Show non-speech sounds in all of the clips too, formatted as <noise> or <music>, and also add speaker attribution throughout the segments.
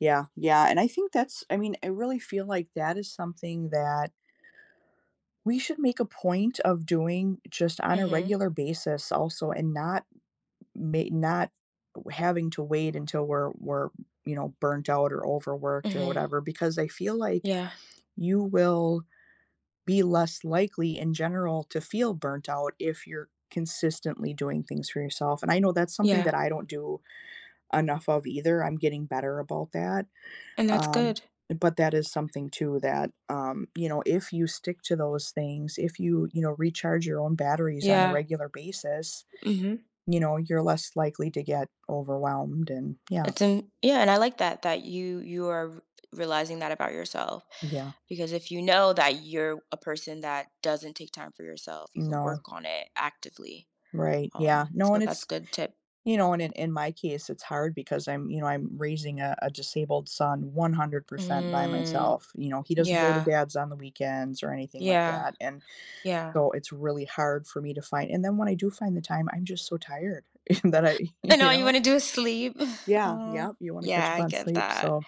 Speaker 1: Yeah, yeah. And I think that's I mean, I really feel like that is something that we should make a point of doing just on a
Speaker 2: Mhm.
Speaker 1: regular basis also, and not ma not u having to wait until we're we're, you know, burnt out or overworked or
Speaker 2: Mhm.
Speaker 1: whatever. Because I feel like
Speaker 2: Yeah.
Speaker 1: you will be less likely, in general, to feel burnt out if you're consistently doing things for yourself, and I know that's something
Speaker 2: Yeah.
Speaker 1: that I don't do enough of either, I'm getting better about that,
Speaker 2: And that's
Speaker 1: um,
Speaker 2: good.
Speaker 1: uh, but that is something, too, um, you know, that if you stick to those things, if you, you know, recharge your own batteries on a
Speaker 2: Yeah.
Speaker 1: regular basis,
Speaker 2: Mhm.
Speaker 1: you know, you're less likely to get overwhelmed and, yeah.
Speaker 2: That's an Yeah and I like that that you you are re realizing that about yourself.
Speaker 1: Yeah.
Speaker 2: Because if you know that you're w a person that doesn't take time for yourself, you can work
Speaker 1: No.
Speaker 2: on it actively.
Speaker 1: Right, yeah.
Speaker 2: Um,
Speaker 1: No,
Speaker 2: so
Speaker 1: and
Speaker 2: that's
Speaker 1: it's
Speaker 2: good tip.
Speaker 1: you know, and in in my case, it's hard because I'm, you know, I'm raising a a disabled son 100% by
Speaker 2: Mhm.
Speaker 1: myself, you know, he doesn't go to
Speaker 2: Yeah.
Speaker 1: dad's on the weekends or anything like
Speaker 2: Yeah.
Speaker 1: that and
Speaker 2: Yeah.
Speaker 1: so, it's really hard for me to find and then when I do find the time, I'm just so tired. <chuckles> That I
Speaker 2: And
Speaker 1: <chuckles> you
Speaker 2: all you
Speaker 1: know?
Speaker 2: wanna do is sleep. <chuckles>
Speaker 1: Yeah,
Speaker 2: Aw.
Speaker 1: yep, you want to catch
Speaker 2: Yeah,
Speaker 1: up
Speaker 2: I
Speaker 1: on
Speaker 2: get
Speaker 1: sleep,
Speaker 2: that.
Speaker 1: so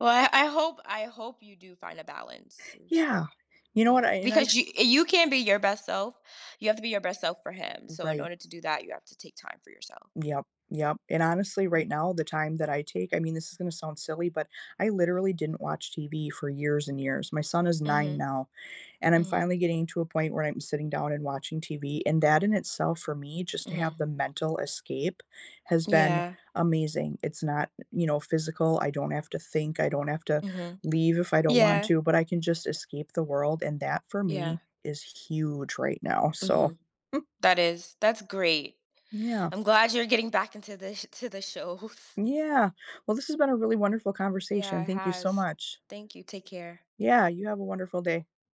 Speaker 2: Well, I I hope I hope you do find a balance,
Speaker 1: Yeah.
Speaker 2: seriously.
Speaker 1: You know what?
Speaker 2: Yeah.
Speaker 1: I and I
Speaker 2: Because
Speaker 1: f
Speaker 2: you you can't be your best self, you have to be your best self for him. So, in
Speaker 1: Right.
Speaker 2: order to do that, you have to take time for yourself.
Speaker 1: Yep, yep. And honestly, right
Speaker 2: Mm.
Speaker 1: now, the time that I take I mean, this is gonna sound silly, but I literally didn't watch TV for years and years. My son is 9
Speaker 2: Mhm.
Speaker 1: now, and I'm
Speaker 2: Mhm.
Speaker 1: finally getting to a point where I'm sitting down and watching TV and that in itself, for me, just to
Speaker 2: Mhm.
Speaker 1: have the mental escape, has been
Speaker 2: Yeah.
Speaker 1: amazing. It's not, you know, physical, I don't have to think, I don't have to
Speaker 2: Mhm.
Speaker 1: leave if I don't want
Speaker 2: Yeah.
Speaker 1: to, but I can just escape the world, and that for
Speaker 2: Yeah.
Speaker 1: me is huge right now, so
Speaker 2: Mhm.
Speaker 1: <chuckles>
Speaker 2: That is That's great.
Speaker 1: Yeah.
Speaker 2: I'm glad you're getting back into the sh to the shows.
Speaker 1: Yeah. Well, this has been a really wonderful
Speaker 2: Yeah,
Speaker 1: conversation,
Speaker 2: it
Speaker 1: thank you so
Speaker 2: has.
Speaker 1: much.
Speaker 2: Thank you, take care.
Speaker 1: Yeah, you have a wonderful day.